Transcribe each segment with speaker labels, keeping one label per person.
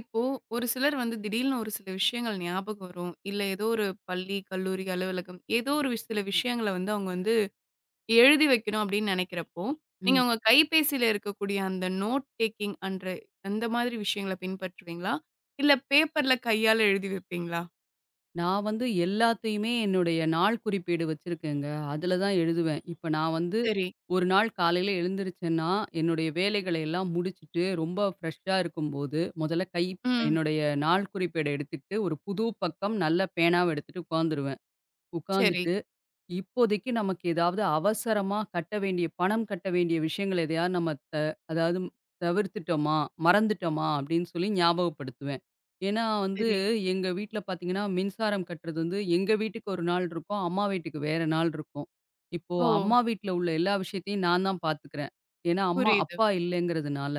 Speaker 1: இப்போ ஒரு சிலர் வந்து திடீர்னு ஒரு சில விஷயங்கள் ஞாபகம் வரும். இல்ல ஏதோ ஒரு பள்ளி, கல்லூரி, அலுவலகம். ஏதோ ஒரு சில விஷயங்கள வந்து அவங்க வந்து எழுதி வைக்கணும் அப்டின்னு நெனைக்கிறப்போ நீங்க
Speaker 2: ம்.
Speaker 1: உங்க கைபேசியில இருக்கக்கூடிய அந்த நோட் டேக்கிங்ன்ற மாரி விஷயங்கள பின்பற்றுவீங்களா? இல்ல பேப்பர்ல கையால எழுதி வைப்பீங்களா?
Speaker 2: நான் வந்து எல்லாத்தையுமே என்னுடைய நாள்குறிப்பேடு வச்சிருக்கேங்க. அதுல தான் எழுதுவேன். இப்ப நான் வந்து
Speaker 1: சரி.
Speaker 2: 1 நாள் காலையில எழுந்திருச்சேன்னா, என்னுடைய வேலைகள எல்லாம் முடிச்சிட்டு ரொம்ப ஃபிரெஷ்ஷா இருக்கும்போது, முதல்ல கை
Speaker 1: ம்.
Speaker 2: என்னுடைய நாள்குறிப்பேட எடுத்துட்டு ஒரு புது பக்கம் நல்ல பேனாவ எடுத்துட்டு உக்காந்துருவேன்.
Speaker 1: சரி.
Speaker 2: உக்காந்துட்டு இப்போதைக்கு நமக்கு ஏதாவது அவசரமா கட்ட வேண்டிய பணம் கட்ட வேண்டிய விஷயங்களை நம்ம த அதாவது தவிர்த்துட்டோமா, மறந்துட்டோமா அப்டின்னு சொல்லி ஞாபகப்படுத்துவேன். ஏனா வந்து
Speaker 1: சரி.
Speaker 2: எங்க வீட்டுல பாத்தீங்கன்னா, மின்சாரம் கட்டுறது வந்து எங்க வீட்டுக்கு ஒரு நாள் இருக்கும். அம்மா வீட்டுக்கு வேற நாள் இருக்கும். இப்போ
Speaker 1: ஓ!
Speaker 2: அம்மா வீட்டுல உள்ள எல்லா விஷயத்தையும் நான் தான் பாத்துக்குறேன். ஏனா அம்மா,
Speaker 1: புரியுது.
Speaker 2: அப்பா இல்லங்கிறதுனால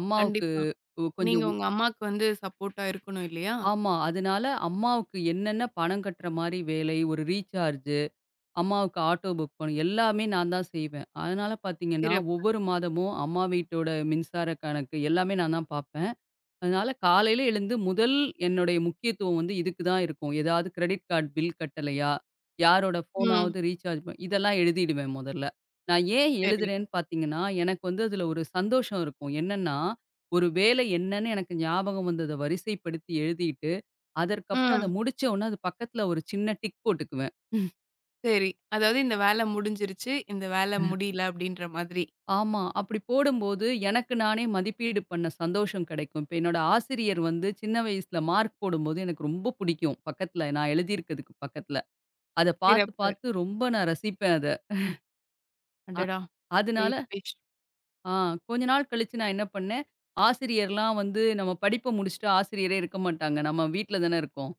Speaker 2: அம்மாவுக்கு
Speaker 1: கண்டிப்பா.
Speaker 2: கொ
Speaker 1: நீங்க
Speaker 2: கொஞ்சம்.
Speaker 1: உங்க அம்மாக்கு வந்து சப்போர்ட்டா இருக்கணும் இல்லையா?
Speaker 2: ஆமா. அதனால அம்மாவுக்கு என்னென்ன பணம் கட்டுற மாரி வேலை, ஒரு ரீசார்ஜூ அம்மாவுக்கு ஆட்டோ புக் பண் எல்லாமே நான் தான் செய்வேன். அதனால பாத்தீங்கன்னா,
Speaker 1: சிறப்பு.
Speaker 2: ஒவ்வொரு மாதமும் அம்மா வீட்டோட மின்சார கணக்கு எல்லாமே நா தான் பாப்பேன். அதனால காலையில எழுந்து முதல் என்னுடைய முக்கியத்துவம் இதுக்கு தான் இருக்கும். ஏதாவது கிரெடிட் கார்ட் பில் கட்டலையா? யாரோட
Speaker 1: ம்.
Speaker 2: ஃபோனாவது ரீசார்ஜ் பண இதெல்லாம் எழுதிடுவேன். முதல்ல நான் ஏன்
Speaker 1: சரி.
Speaker 2: எழுதுறேன்னு பாத்தீங்கன்னா, எனக்கு வந்து அதுல ஒரு சந்தோஷம் இருக்கும். என்னன்னா ஒரு வேலை என்னன்னு எனக்கு ஞாபகம் வந்தது வரிசைப்படுத்தி எழுதிட்டு, அதற்கு அப்பறம் அத
Speaker 1: ம்.
Speaker 2: முடிச்சோன அதுக்கு பக்கத்துல ஒரு சின்ன டிக் போட்டுக்குவேன்.
Speaker 1: சரி. அதாவது இந்த வேல முடிஞ்சிருச்சு. இந்த வேல
Speaker 2: அ.
Speaker 1: முடியல அப்டின்ற மாதிரி.
Speaker 2: ஆமா. அப்டி போடும்போது, எனக்கு நானே மதிப்பீடு பண்ண சந்தோஷம் கிடைக்கும். இப்ப என்னோட ஆசிரியர் வந்து சின்ன வயசுல மார்க் போடும்போது எனக்கு ரொம்ப புடிக்கும். பக்கத்துல, நான் எழுதிருக்குதுக்கு பக்கத்துல அத பாத்து
Speaker 1: சிறப்பு.
Speaker 2: பாத்து ரொம்ப ரசிப்பேன் அத. அ.
Speaker 1: அடடா!
Speaker 2: அதனால
Speaker 1: பேஷ் பேஷ்.
Speaker 2: ஆ, கொஞ்ச நாள் கழிச்சு நான் என்ன பண்ணேன், ஆசிரியர்லாம் வந்து, நம்ம படிப்ப முடிச்சுட்டு ஆசிரியரே இருக்க மாட்டாங்க. நம்ம வீட்ல தான இருக்கோம்.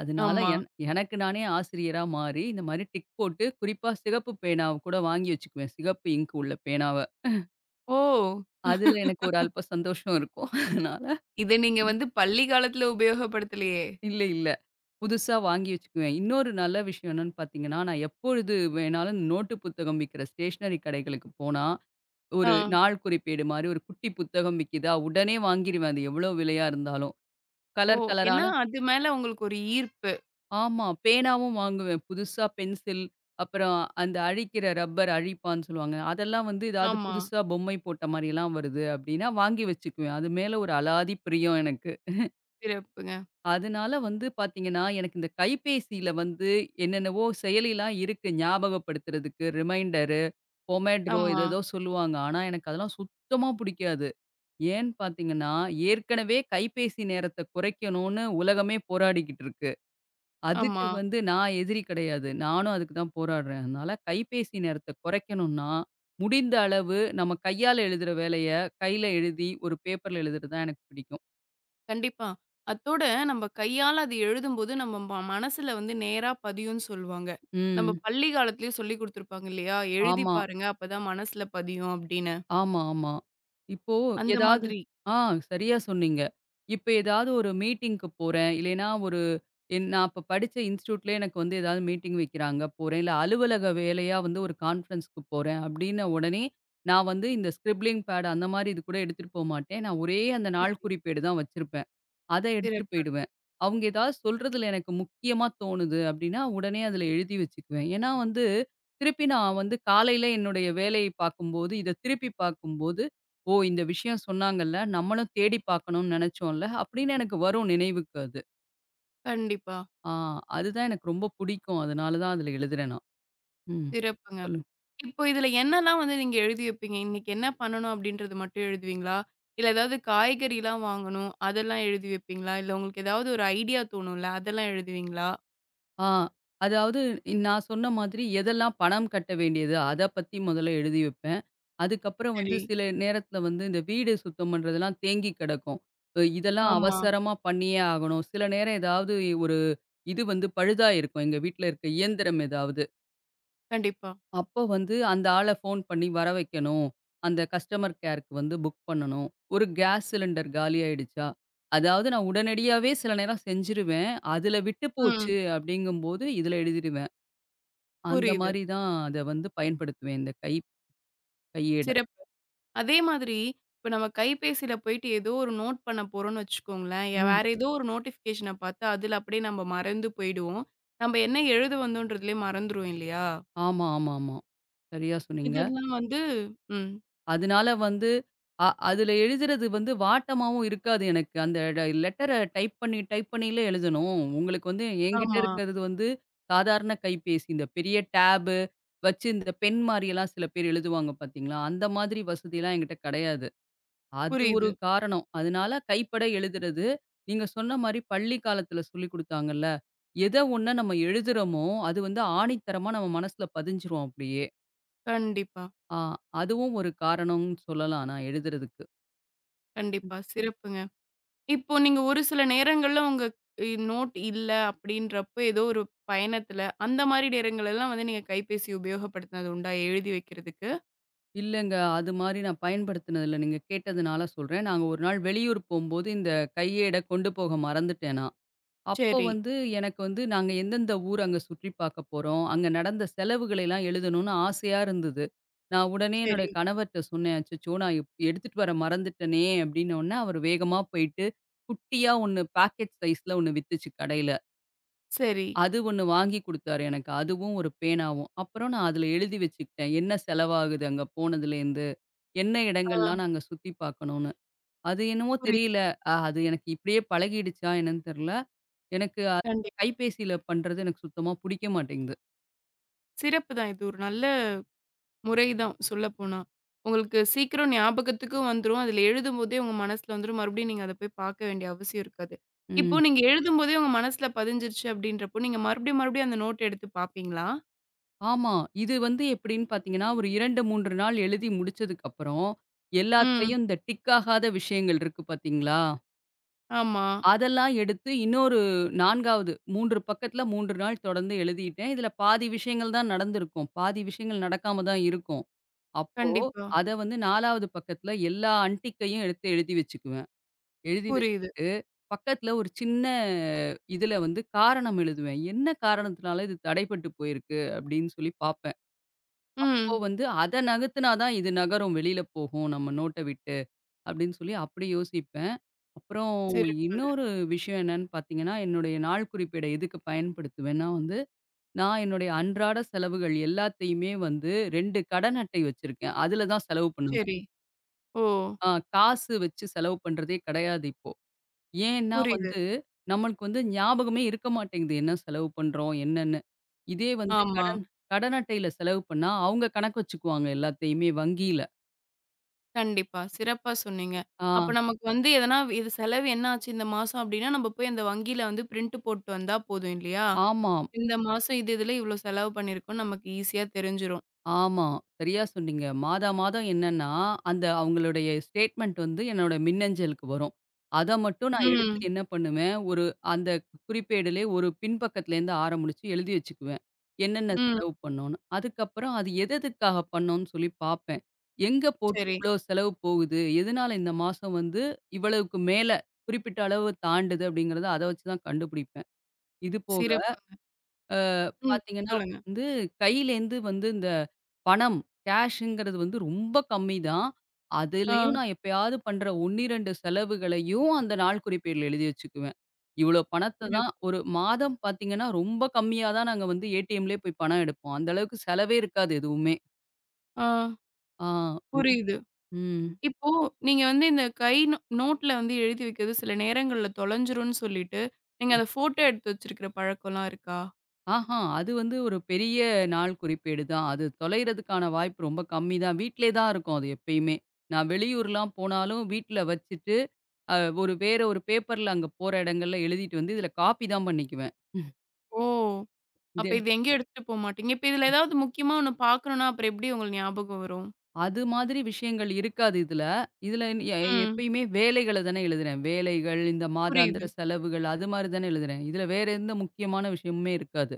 Speaker 2: அதனால
Speaker 1: ஆமா.
Speaker 2: என் எனக்கு நானே ஆசிரியரா மாரி இந்த மாதிரி டிக் போட்டு, குறிப்பா சிகப்பு பேனாவ கூட வாங்கி வச்சிக்குவேன். சிகப்பு இங்க் உள்ள பேனாவ.
Speaker 1: ஓ!
Speaker 2: அதுல எனக்கு ஒரு அல்ப சந்தோஷம் இருக்கும். அதனால.
Speaker 1: இத நீங்க வந்து பள்ளி காலத்துல உபயோகப்படுத்தலியே?
Speaker 2: இல்ல இல்ல. புதுசா வாங்கி வச்சிக்குவேன். இன்னொரு நல்ல விஷயம் என்னன்னு பாத்தீங்கன்னா? நான் எப்பொழுது வேணாலும் நோட்டு புத்தகம் விக்கிற ஸ்டேஷ்னரி கடைகளுக்குப் போனா, ஒரு
Speaker 1: ஆ.
Speaker 2: நாள்குறிப்பேடு மாரி ஒரு குட்டி புத்தகம் விக்குதா? உடனே வாங்கிடுவேன் அது எவ்ளோ விலையா இருந்தாலும்
Speaker 1: ஓ!
Speaker 2: கலர் கலரான
Speaker 1: ஏன்னா அது மேல உங்களுக்கு ஒரு ஈர்ப்பு.
Speaker 2: ஆமா. பேனாவும் வாங்குவேன். புதுசா பென்சில், அப்புறம் அந்த அழிக்கிற ரப்பர் அழிப்பான்னு சொல்லுவாங்க. அதெல்லாம் வந்து ஏதாவது
Speaker 1: ஆமா.
Speaker 2: புதுசா பொம்மை போட்ட மாரி எல்லாம் வருது அப்படின்னா, வாங்கி வச்சிக்குவேன். அது மேல ஒரு அலாதி பிரியம் எனக்கு.
Speaker 1: சிறப்புங்க.
Speaker 2: அதுனால வந்து பாத்தீங்கன்னா, எனக்கு இந்த கைப்பேசியில வந்து என்னென்னவோ செயலிலாம் இருக்கு. ஞாபகப்படுத்துறதுக்கு ரிமைண்டரு, பொமைட்ரோ, எதோ
Speaker 1: ஆமா.
Speaker 2: எதோ சொல்லுவாங்க. ஆனா, எனக்கு அதெல்லாம் சுத்தமா பிடிக்காது. ஏன் பாத்தீங்கன்னா, ஏற்கனவே கைப்பேசி நேரத்தை குறைக்கணுனு உலகமே போராடிக்கிட்டு இருக்கு. அதுக்கு
Speaker 1: ஆமா.
Speaker 2: வந்து நான் எதிரி கெடையாது. நானும் அதுக்கு தான் போராடுறேன். அதனால, கைப்பேசி நேரத்தை கொறைக்கணுனா, முடிந்த அளவு நம்ம கையால எழுதுற வேலையை கைல எழுதி, ஒரு பேப்பர்ல எழுதுறது தான் எனக்குப் பிடிக்கும்.
Speaker 1: கண்டிப்பா. அத்தோட நம்ம கையால அத எழுதும்போது, நம்ம ம மனசுல வந்து நேரா பதியுன்னு சொல்லுவாங்க. நம்ம
Speaker 2: ம்.
Speaker 1: பள்ளி காலத்துலயே சொல்லிக் குடுத்திருப்பாங்க இல்லையா? எழுதிப்
Speaker 2: ஆமா.
Speaker 1: பாருங்க. அப்பதான் மனசுல பதியும் அப்படின்னு.
Speaker 2: ஆமாமா. இப்போ
Speaker 1: அந்த
Speaker 2: ஏதாவது
Speaker 1: மாதிரி.
Speaker 2: ஆ, சரியா சொன்னீங்க. இப்ப ஏதாவது ஒரு மீட்டிங்க்கு போறேன். இல்லைனா, ஒரு நான் அப்ப படிச்ச இன்ஸ்டிட்யூட்ல எனக்கு ஏதாவது மீட்டிங் வைக்கறாங்க, போறேன். அலுவலக வேலையா வந்து ஒரு கான்ஃபரன்ஸ்க்கு போறேன் அப்படின்னு. உடனே, நான் வந்து இந்த ஸ்கிரிப்ளிங் பேட், அந்த மாரி கூட எடுத்துட்டு போகமாட்டேன். நான் ஒரே அந்த நாள்குறிப்பேடு தான் வச்சிருப்பேன். அதை எடுத்துட்டு
Speaker 1: சிறப்பு.
Speaker 2: போயிடுவேன். அவுங்க ஏதாவது சொல்றதுல எனக்கு முக்கியமா தோணுது அப்படின்னா, உடனே அதுல எழுதி வச்சிக்குவேன். ஏன்னா, வந்து திருப்பி நான் வந்து காலையில என்னுடைய வேலையை பாக்கும் போது, இத திருப்பிப் பாக்கும் போது, ஓ, இந்த விஷயம் சொன்னாங்கல்ல. நம்மளும் தேடி பாக்கனும்னு நெனைச்சோல அப்படின்னு, எனக்கு வரும் நினைவுக்கு அது.
Speaker 1: கண்டிப்பா.
Speaker 2: ஆ. அது தான் எனக்கு ரொம்ப புடிக்கும். அதனால தான் அதுல எழுதுறேன் நான். ம்
Speaker 1: சிறப்புங்க.
Speaker 2: சொல்லுங்
Speaker 1: இப்ப இதுல என்னெல்லாம் வந்து நீங்க எழுதி வைப்பீங்க? "இன்னைக்கு என்ன பண்ணணும்?" அப்படின்றது மட்டும் எழுதுவீங்களா? இல்ல ஏதாவது காய்கறில்லாம் வாங்கணும், அதெல்லாம் எழுதி வைப்பீங்களா? இல்ல உங்களுக்கு ஏதாவது ஒரு ஐடியா தோணும்ல்ல, அதெல்லாம் எழுதுவீங்களா?
Speaker 2: ஆ அதாவது நான் சொன்ன மாதிரி, "எதெல்லாம் பணம் கட்ட வேண்டியது?" அத பத்தி மொதல்ல எழுதி வைப்பேன். அதுக்கு அப்புறம் வந்து
Speaker 1: சரி.
Speaker 2: சில நேரத்துல வந்து இந்த வீடு சுத்தம் பண்றதுல்லாம் தேங்கி கெடக்கும். ம். இதெல்லாம்
Speaker 1: ஆமா.
Speaker 2: அவசரமா பண்ணியே ஆகணும். சில நேரம் ஏதாவது ஒரு இது வந்து பழுதா இருக்கும், எங்க வீட்டுல இருக்க இயந்திரம் எதாவது.
Speaker 1: கண்டிப்பா.
Speaker 2: அப்போ வந்து அந்த ஆள ஃபோன் பண்ணி வர வைக்கணும். அந்த கஸ்டமர் கேர்க்கு வந்து புக் பண்ணணும். ஒரு காஸ் சிலிண்டர் காலி ஆயிடுச்சா? அதாவது நான் உடனடியாவே சில நேரம் செஞ்சுருவேன். அதுல விட்டுப் போச்சு
Speaker 1: ம்.
Speaker 2: அப்படிங்கம்போது இதுல எழுதிடுவேன். அந்த
Speaker 1: புரியுது.
Speaker 2: மாரி தான் அத வந்து பயன் படுத்துவேன், இந்த கை கையேட.
Speaker 1: சிறப்பு. அதே மாதிரி, இப்ப நம்ம கைப்பேசியில போயிட்டு ஏதோ ஒரு நோட் பண்ணப்போறோம்ன்னு வச்சுக்கோங்களேன். எ
Speaker 2: ம்.
Speaker 1: வேற ஏதோ ஒரு நோடிஃபிகேஷன பாத்து, அதுல அப்படியே நம்ப மறந்து போயிடுவோம். நம்ப என்ன எழுத வந்தோன்றதையே மறந்துரும் இல்லையா?
Speaker 2: ஆமா ஆமா ஆமா. சரியா சொன்னீங்க.
Speaker 1: இதெல்லாம் வந்து ம்.
Speaker 2: அதனால வந்து அ அதுல எழுதுறது வந்து வாட்டமாவும் இருக்காது. எனக்கு அந்த லெட்டர டைப் பண்ணி, டைப் பண்ணி எழுதணும். உங்களுக்கு வந்து எங்கிட்ட
Speaker 1: ஆமா.
Speaker 2: இருக்கிறது வந்து சாதாரண கைப்பேசி. இந்தப் பெரிய டேப்பு வச்சு இந்த பெண் மாரில்லாம் சில பேர் எழுதுவாங்க பாத்தீங்களா. அந்த மாரி வசதிலாம் எங்கிட்ட கிடையாது. அது ஒரு
Speaker 1: புரியுது.
Speaker 2: காரணம். அதனால கைப்பட எழுதுறது. நீங்கச் சொன்ன மாரி பள்ளி காலத்துல சொல்லிக் குடுத்தாங்கள்ல. எத ஒண்ண நம்ம எழுதுறோமோ, அது வந்து ஆணித்தரமா நம்ம மனசுல பதிஞ்சிரும் அப்படியே.
Speaker 1: கண்டிப்பா.
Speaker 2: அ, அதுவும் ஒரு காரணம்னு சொல்லலாம். நான் எழுதுறதுக்கு. ம்.
Speaker 1: கண்டிப்பா. சிறப்புங்க. இப்ப நீங்க ஒரு சில நேரங்கள்ல, உங்க இ நோட் இல்ல, அப்படின்றப்போ ஏதோ ஒரு பயணத்துல, அந்த மாரி நேரங்கள்லாம் வந்து, நீங்க கைபேசி உபயோகப்படுத்துனது உண்டா எழுதி வைக்கிறதுக்கு?
Speaker 2: இல்லங்க. அது மாரி நான் பயன்படுத்தினது இல்ல. நீங்கக் கேட்டதுனால சொல்றேன். நாங்க ஒரு நாள் வெளியூர் போம்போது இந்த கையேட கொண்டு போக மறந்துட்டேன் நான். அப்ப
Speaker 1: சரி.
Speaker 2: வந்து எனக்கு வந்து நாங்க எந்த எந்த ஊர் அங்க சுற்றி பார்க்கப் போறோம். அங்க நடந்த செலவுகளை எல்லாம் எழுதணும்னு ஆசையா இருந்தது. நான் உடனே என்னோட
Speaker 1: சரி.
Speaker 2: கணவர்ட்ட சொன்னேன், "அச்சச்சோ. நான் எ எடுத்துட்டு வர மறந்துட்டேனே!" அப்படினோன்னே, அவரு வேகமா போயிட்டு குட்டியா ஒண்ணு பாக்கெட் சைஸ்ல ஒண்ணு வித்துச்சு கடையில.
Speaker 1: சரி.
Speaker 2: அது ஒண்ணு வாங்கி குடுத்தாரு எனக்கு, அதுவும் ஒரு பேனாவும். அப்புறம் நான் அதுல எழுதி வச்சுகிட்டேன். என்ன செலவாகுது அங்க போனதுலேருந்து, என்ன
Speaker 1: ஆ.
Speaker 2: இடங்கள்லாம் நாங்க சுத்தி பாக்கணும்ன்னு. அது என்னவோ
Speaker 1: புரி
Speaker 2: தெரியல. அது எனக்கு இப்படியே பழகிடுச்சா என்னன்னு தெர்ல. எனக்கு அ
Speaker 1: கண்டிப்
Speaker 2: கைபேசியில பண்றது எனக்குச் சுத்தமா புடிக்க மாட்டேங்குது.
Speaker 1: சிறப்புதான், இது ஒரு நல்ல முறைதான் சொல்லப்போனா. உங்களுக்கு சீக்கிரம் ஞாபகத்துக்கு வந்துரும். அதுல எழுதும்போதே உங்க மனசுல வந்துரும். மறுபடியும் நீங்க அதப்போய் பாக்க வேண்டிய அவசியம் இருக்காது. இப்போ
Speaker 2: ம்.
Speaker 1: நீங்க எழுதும்போதே உங்க மனசுல பதிஞ்சிருச்சு அப்படின்றப்போ, நீங்க மறுபடியும் மறுபடியும் அந்த நோட் எடுத்துப் பாப்பீங்களா?
Speaker 2: ஆமா. இது வந்து எப்படின்னு பார்த்தீங்கன்னா, ஒரு 2, 3 நாள் எழுதி முடிச்சதுக்கு அப்புறம்,
Speaker 1: ம்.
Speaker 2: எல்லாத்தையும் இந்த டிக் ஆகாத விஷயங்கள் இருக்கு பாத்தீங்களா?
Speaker 1: ஆமா.
Speaker 2: அதெல்லாம் எடுத்து இன்னொரு 4ஆவது 3 பக்கத்துல 3 நாள் தொடர்ந்து எழுதிட்டேன். இதுல பாதி விஷயங்கள் தான் நடந்துருக்கும். பாதி விஷயங்கள் நடக்காம தான் இருக்கும். அப்போ,
Speaker 1: கண்டிப்பா.
Speaker 2: அத வந்து 4ஆவது பக்கத்துல எல்லா அன்டிக்கையும் எடுத்து எழுதி வச்சுக்குவேன். எழுதி
Speaker 1: புரியுது.
Speaker 2: வச்சுகிட்டு பக்கத்துல ஒரு சின்ன இதுல வந்து காரணம் எழுதுவேன். "என்ன காரணத்துனால இது தடைபட்டுப் போயிருக்கு?" அப்படின்னு சொல்லிப் பாப்பேன். அப்போ
Speaker 1: ம்.
Speaker 2: வந்து, "அத நகர்த்தினா தான், இது நகரும். வெளில போகும் நம்ம நோட்ட விட்டு." அப்படின்னு சொல்லி அப்படி யோசிப்பேன். அப்புறம்
Speaker 1: சிறப்புங்க.
Speaker 2: இன்னொரு விஷயம் என்னன்னு பாத்தீங்கன்னா, என்னுடைய நாள்குறிப்பேட எதுக்கு பயன்படுத்துவேன்னா வந்து, நான் என்னுடைய அன்றாட செலவுகள் எல்லாத்தையுமே வந்து 2 கடன் அட்டை வச்சிருக்கேன். அதுல தான் செலவு பண்ணுவேன்.
Speaker 1: சரி. ஓ.
Speaker 2: அ காசு வச்சு செலவு பண்றதே கெடையாது இப்போ. ஏன்னா
Speaker 1: புரியுது.
Speaker 2: வந்து நம்மளுக்கு வந்து ஞாபகமே இருக்க மாட்டேங்குது, என்ன செலவு பண்றோம் என்னன்னு. இதே வந்து
Speaker 1: ஆமா.
Speaker 2: கடன் கடன் அட்டையில செலவு பண்ணா, அவங்க கணக்கு வச்சுக்குவாங்க எல்லாத்தையுமே வங்கியில.
Speaker 1: கண்டிப்பா. சிறப்பா சொன்னீங்க.
Speaker 2: ஆ.
Speaker 1: அப்ப நமக்கு வந்து எதனா, இது செலவு என்னாச்சு இந்த மாசம் அப்படின்னா நாம போயி அந்த வங்கில வந்து பிரிண்ட் போட்டு வந்தா போதும் இல்லையா?
Speaker 2: ஆமாம்.
Speaker 1: இந்த மாசம் இது இதுல இவ்ளோ செலவு பண்ணியிருக்கோம்னு நமக்கு ஈசியா தெரிஞ்சுரும்.
Speaker 2: ஆமா. சரியா சொன்னீங்க. மாதா மாதம் என்னன்னா, அந்த அவுங்களுடைய ஸ்டேட்மெண்ட் வந்து என்னோட மின்னஞ்சலுக்கு வரும். அத மட்டும் நான் எடுத்து
Speaker 1: ம்.
Speaker 2: என்ன பண்ணுவேன்? ஒரு அந்தக் குறிப்பேடுலயே ஒரு பின் பக்கத்துல இருந்து ஆரம்பிச்சு எழுதி வச்சுக்குவேன். என்னென்ன
Speaker 1: ம்.
Speaker 2: செலவு பண்ணோம்னு. அதுக்கப்புறம், அது எதெதுக்காகப் பண்ணோம்னு சொல்லி பாப்பேன். எங்க போட்டு
Speaker 1: சரி.
Speaker 2: இவ்ளோ செலவு போகுது. எதுனால இந்த மாசம் வந்து இவ்வளவுக்கு மேல குறிப்பிட்ட அளவு தாண்டுது, அப்படிங்கறத அத வச்சு தான் கண்டுபிடிப்பேன். இது போக,
Speaker 1: சிறப்புங்க.
Speaker 2: அ
Speaker 1: ம்.
Speaker 2: பாத்தீங்கன்னா
Speaker 1: சொல்லுங்க.
Speaker 2: வந்து கையில இருந்து வந்து இந்தப் பணம் கேஷ்ஷிங்கிறது வந்து ரொம்ப கம்மி தான்.
Speaker 1: ஆ.
Speaker 2: அதுலயும் நான் எப்பயாவது பண்ற 1 2 செலவுகளையும் அந்த நாள்குறிப்பேடுல எழுதி வச்சுக்குவேன். இவ்வளவு பணத்தை
Speaker 1: சிறப்பு.
Speaker 2: தான் ஒரு மாதம் பாத்தீங்கன்னா ரொம்ப கம்மியா தான் நாங்க வந்து ஏடிஎம்ல போய் பணம் எடுப்போம். அந்த அளவுக்குச் செலவே இருக்காது எதுவுமே.
Speaker 1: ஆ.
Speaker 2: ஆ.
Speaker 1: புரியுது.
Speaker 2: ம்.
Speaker 1: இப்போ நீங்க வந்து இந்தக் கை ந நோட்ல வந்து எழுதி வைக்குது சில நேரங்கள்ல தொலைஞ்சுடுனு சொல்லிட்டு, நீங்க அத ஃபோட்டோ எடுத்து வச்சிருக்கிற பழக்கம் எல்லாம் இருக்கா?
Speaker 2: ஆஹா! அது வந்து ஒரு பெரிய நாள்குறிப்பேடு தான். அது தொலைறதுக்கான வாய்ப்பு ரொம்ப கம்மி தான். வீட்லயேதான் இருக்கும் அது எப்பயுமே. நான் வெளியூர்லாம் போனாலும் வீட்டுல வச்சிட்டு அ ஒரு வேற ஒரு பேப்பர்ல அங்க போற இடங்கள எல்லாம் எழுதிட்டு வந்து இதுல காப்பிதான் பண்ணிக்குவேன்.
Speaker 1: ஓ! அப்ப
Speaker 2: [unintelligible]
Speaker 1: இது எங்கயும் எடுத்துட்டு போமாட்டிங்க. இப்ப இதுல ஏதாவது முக்கியமா ஒண்ணு பாக்கணும்னா? அப்புறம் எப்டி உங்களுக்கு ஞாபகம் வரும்?
Speaker 2: அது மாதிரி விஷயங்கள் இருக்காது இதுல. இதுல எ
Speaker 1: ம்.
Speaker 2: எப்பயுமே வேலைகளத் தான் எழுதுறேன். வேலைகள். இந்த
Speaker 1: புரியுது.
Speaker 2: மாதாந்திர செலவுகள் அது மாரி தான எழுதுறேன். இதுல வேற எந்த முக்கியமான விஷயமுமே இருக்காது.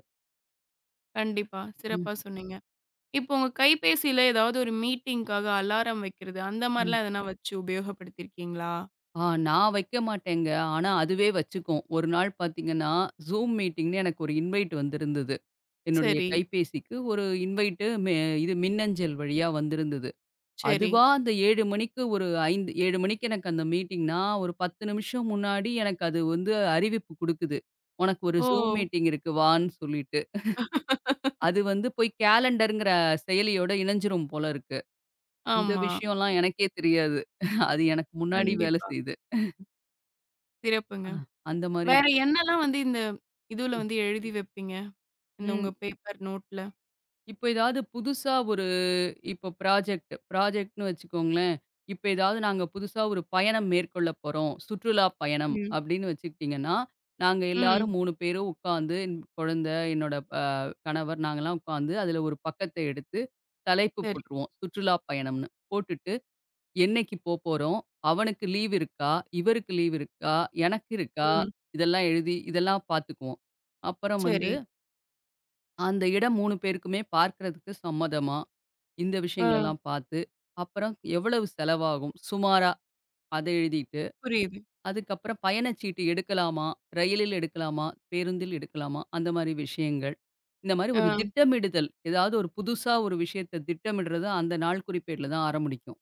Speaker 1: கண்டிப்பா
Speaker 2: ம்.
Speaker 1: சிறப்பா சொன்னீங்க. இப்போ உங்க கைப்பேசியில எதாவது ஒரு மீட்டிங்க்காக அலாரம் வைக்கிறது அந்த
Speaker 2: ம்.
Speaker 1: மாரிலாம் எதுனா வெச்சு உபயோகப்படுத்தி இருக்கீங்களா?
Speaker 2: ஆ நான் வைக்க மாட்டேங்க. ஆனா அதுவே வச்சுக்கும். ஒரு நாள் பாத்தீங்கன்னா, Zoom மீட்டிங்னு எனக்கு ஒரு இன்வைட் வந்திருந்தது. என்னுடைய
Speaker 1: சரி.
Speaker 2: கைபேசிக்கு ஒரு இன்வைட் இது மெ மின்னஞ்சல் வழியா வந்திருந்தது.
Speaker 1: சரி.
Speaker 2: அதுவா அந்த 7:00 மணிக்கு ஒரு ஐந் 7:00 மணிக்கு எனக்கு அந்த மீட்டிங்ன்னா ஒரு 10 நிமிஷம் முன்னாடி எனக்கு அது வந்து அறிவிப்பு குடுக்குது. உனக்கு ஒரு
Speaker 1: ஓ!
Speaker 2: Zoom மீட்டிங் இருக்கு வாண்ணு சொல்லிட்டு. அது வந்து போய்க் காலெண்டருங்கிற செயலியோட இணங்ஜிரும் போல இருக்கு. இந்த
Speaker 1: ஆமா.
Speaker 2: விஷயம்லாம் எனக்கே தெரியாது. அது எனக்கு முன்னாடி வேல
Speaker 1: கண்டிப்பா.
Speaker 2: செய்யுது.
Speaker 1: சிறப்புங்க.
Speaker 2: அ அந்த மாரி
Speaker 1: வேற
Speaker 2: இருக்கும்.
Speaker 1: என்ன எல்லாம் வந்து இந்த இதுல
Speaker 2: ம்.
Speaker 1: வந்து எழுதி வப்பீங்க? இந்த
Speaker 2: ம்.
Speaker 1: உங்க பேப்பர் நோட்ல.
Speaker 2: இப்ப எதாவது புதுசா ஒரு இப்ப ப்ராஜக்ட் ப்ராஜக்ட்ன்னு வச்சுக்கோங்களேன். இப்ப எதாவது நாங்க புதுசா ஒரு பயணம் மேற்கொள்ளப் போறோம். சுற்றுலா பயணம்
Speaker 1: ம்.
Speaker 2: அப்படின்னு வச்சுக்கிட்டீங்கன்னா, நாங்க எல்லாரும்
Speaker 1: ம்.
Speaker 2: 3 பேரும் உக்காந்து என் குழந்தை, என்னோட அ கணவர், நாங்க எல்லாம் உக்காந்து அதுல ஒரு பக்கத்த எடுத்துத் தலைப்பு
Speaker 1: சரி.
Speaker 2: போட்டுருவோம். சுற்றுலா பயணம்ன்னு. போட்டுட்டு, என்னைக்கு போப்போறோம்? அவனுக்கு லீவு இருக்கா? இவருக்கு லீவு இருக்கா? எனக்கு இருக்கா?
Speaker 1: ம்.
Speaker 2: இதெல்லாம் எழுதி, இதெல்லாம் பாத்துக்குவோம். அப்புறம் வந்து
Speaker 1: சரி.
Speaker 2: அந்த இடம் 3 பேருக்குமே பார்க்குறதுக்கு சம்மதமா? இந்த விஷயங்களை
Speaker 1: அ.
Speaker 2: எல்லாம் பாத்து, அப்புறம் எவ்வளவு செலவாகும் சுமாரா? அதை எழுதிட்டு,
Speaker 1: புரியுது.
Speaker 2: அதுக்கப்புறம் பயணச்சீட்டு எடுக்கலாமா? ரயிலில் எடுக்கலாமா? பேருந்தில் எடுக்கலாமா? அந்த மாரி விஷயங்கள். இந்த மாரி ஒரு
Speaker 1: அ.
Speaker 2: திட்டமிடுதல். ஏதாவது ஒரு புதுசா ஒரு விஷயத்தை திட்டமிடுறது அந்த நாள்குறிப்பேடுல தான் ஆரம்புடிக்கும்.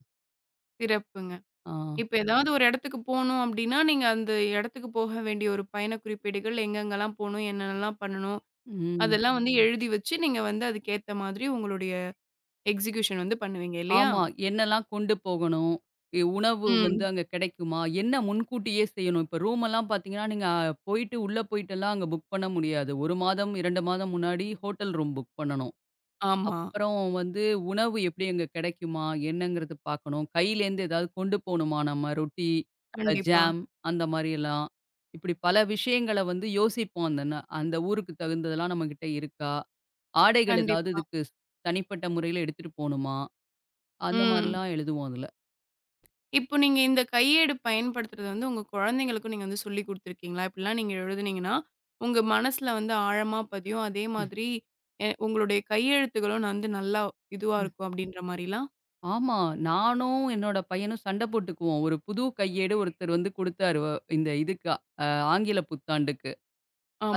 Speaker 1: சிறப்புங்க.
Speaker 2: ஆ.
Speaker 1: இப்ப ஏதாவது ஒரு இடத்துக்குப் போணும் அப்படின்னா, நீங்க அந்த இடத்துக்குப் போக வேண்டிய ஒரு பயணக் குறிப்பேடுகள், எங்கெங்க எல்லாம் போகணும்? என்னன்னலாம் பண்ணணும்?
Speaker 2: ம்.
Speaker 1: அதெல்லாம் வந்து எழுதி வச்சு, நீங்க வந்து அதுக்கு ஏத்த மாதிரி உங்களுடைய எக்சிகுயூஷன் வந்து பண்ணுவீங்க இல்லையா?
Speaker 2: ஆமா. என்னல்லாம் கொண்டு போகணும்? இ உணவு வந்து
Speaker 1: ம்.
Speaker 2: அங்க கெடைக்குமா? என்ன முன்கூட்டியே செய்யணும். இப்ப ரூம் எல்லாம் பாத்தீங்கன்னா, நீங்கப் போயிட்டு உள்ள போயிட்டு எல்லாம் அங்க புக் பண்ண முடியாது. 1 மாதம், 2 மாதம் முன்னாடி ஹோட்டல் ரூம் புக் பண்ணனும்.
Speaker 1: ஆமா.
Speaker 2: அப்புறம் வந்து உணவு எப்படி? அங்க கிடைக்குமா என்னங்கறது பாக்கணும். கையிலருந்து ஏதாவது கொண்டு போகணுமா நம்ம? ரொட்டி, அ
Speaker 1: கண்டிப்பா.
Speaker 2: ஜாம் அந்த மாரி எல்லாம். இப்படி பல விஷயங்கள வந்து யோசிப்போம். அந்த ந அந்த ஊருக்குத் தகுந்ததெல்லாம் நம்மகிட்ட இருக்கா? ஆடைகள் எதாவது
Speaker 1: கண்டிப்பா.
Speaker 2: இதுக்கு ஸ் தனிப்பட்ட முறையில எடுத்துட்டு போகணுமா? அந்த
Speaker 1: ம்.
Speaker 2: மாரில்லாம் எழுதுவோம் அதுல.
Speaker 1: இப்ப நீங்க இந்தக் கையேடு பயன்படுத்துறது வந்து, உங்க குழந்தைகளுக்கும் நீங்க வந்து சொல்லிக் குடுத்துருக்கீங்களா? இப்டி எல்லாம் நீங்க எழுதுனீங்கன்னா உங்க மனசுல வந்து ஆழமா பதியும். அதே
Speaker 2: ம்.
Speaker 1: மாதிரி உங்களுடைய கையெழுத்துகளும் வந்து, நல்லா இதுவா
Speaker 2: ம்.
Speaker 1: இருக்கும் அப்படீன்ற மாரில்லாம்?
Speaker 2: ஆமா. நானும், என்னோட பையனும் சண்ட போட்டுக்குவோம். ஒரு புது கையேடு ஒருத்தர் வந்து குடுத்தார். அ இந்த இதுக்கு ஆங்கிலப் புத்தாண்டுக்கு.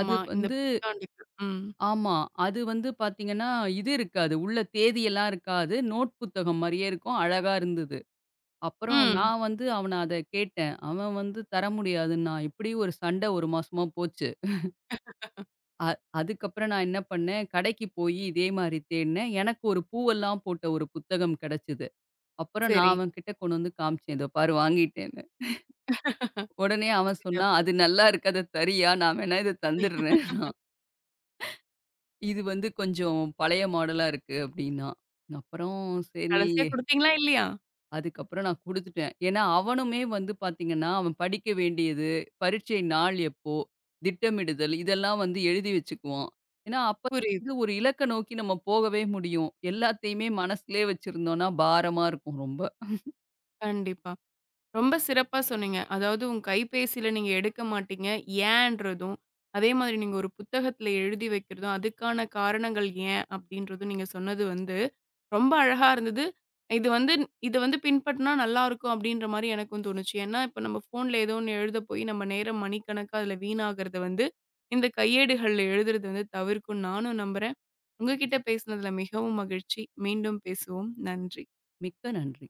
Speaker 2: அது வந்து
Speaker 1: இந்தப் புத்தாண்டுக்கு ம்.
Speaker 2: ஆமா. அது வந்து பாத்தீங்கன்னா, இது இருக்காது. உள்ள தேதியெல்லாம் இருக்காது. நோட் புத்தகம் மாரியே இருக்கும். அழகா இருந்தது. அப்புறம்
Speaker 1: ம்.
Speaker 2: நான் வந்து அவனைக் அத கேட்டேன். அவன் வந்து தர முடியாதுன்னா, இப்படி ஒரு சண்ட 1 மாசமா போச்சு. அ அதுக்கப்புறம் நான் என்ன பண்ணேன். கடைக்குப் போயி இதே மாரி தேடினேன். எனக்கு ஒரு பூ எல்லாம் போட்ட ஒரு புத்தகம் கிடைச்சுது. அப்புறம் நான்
Speaker 1: சரி.
Speaker 2: அவன்கிட்ட கொண்டு வந்து காமிச்சேன். இதோ பாரு வாங்கிட்டேனு. உடனே அவன் சொன்னான்.
Speaker 1: சிறப்பு.
Speaker 2: அது நல்லா இருக்கு. அத தரியா. நான் வேணா இத தந்துட்றேன்னா. இது வந்து கொஞ்சம் பழைய மாடல்லா இருக்கு அப்படின்னா. அப்புறம் சரி
Speaker 1: கடைசியா குடுத்தீங்களா இல்லையா?
Speaker 2: அதுக்கப்புறம் நான் குடுத்துட்டேன். ஏன்னா அவனுமே வந்து பாத்தீங்கன்னா, அவன் படிக்க வேண்டியது, பரிட்சை நாள் எப்போ? திட்டமிடுதல் இதெல்லாம் வந்து எழுதி வச்சுக்குவான். ஏன்னா அப்ப
Speaker 1: புரியுது.
Speaker 2: ஒரு இலக்க நோக்கி நம்ம போகவே முடியும். எல்லாத்தையுமே மனசுலே வச்சிருந்தோம்னா பாரமா இருக்கும் ரொம்ப.
Speaker 1: கண்டிப்பா, ரொம்ப சிறப்பா சொன்னீங்க. அதாவது உங்க கைப்பேசியில நீங்க எடுக்க மாட்டீங்க. ஏன்றதும், அதே மாரி நீங்க ஒரு புத்தகத்துல எழுதி வைக்குறது அதுக்கான காரணங்கள் ஏன் அப்படீன்றது நீங்க சொன்னது வந்து ரொம்ப அழகா இருந்தது. இது வந்து இது வந்து பின்பற்றினா நல்லா இருக்கும் அப்படீன்ற மாரி எனக்கும் தோணுச்சு. ஏன்னா, இப்போ நம்ம போன்ல ஏதோ ஒண்ணு எழுதப் போய், நம்ம நேரம் மணிக்கணக்கா அதுல வீணாகுறது வந்து இந்தக் கையேடுகள் எழுதுறது தவிர்க்கும். நானும் நம்புறேன். உங்ககிட்ட பேசினதுல மிகவும் மகிழ்ச்சி. மீண்டும் பேசுவோம். நன்றி.
Speaker 2: மிக்க நன்றி.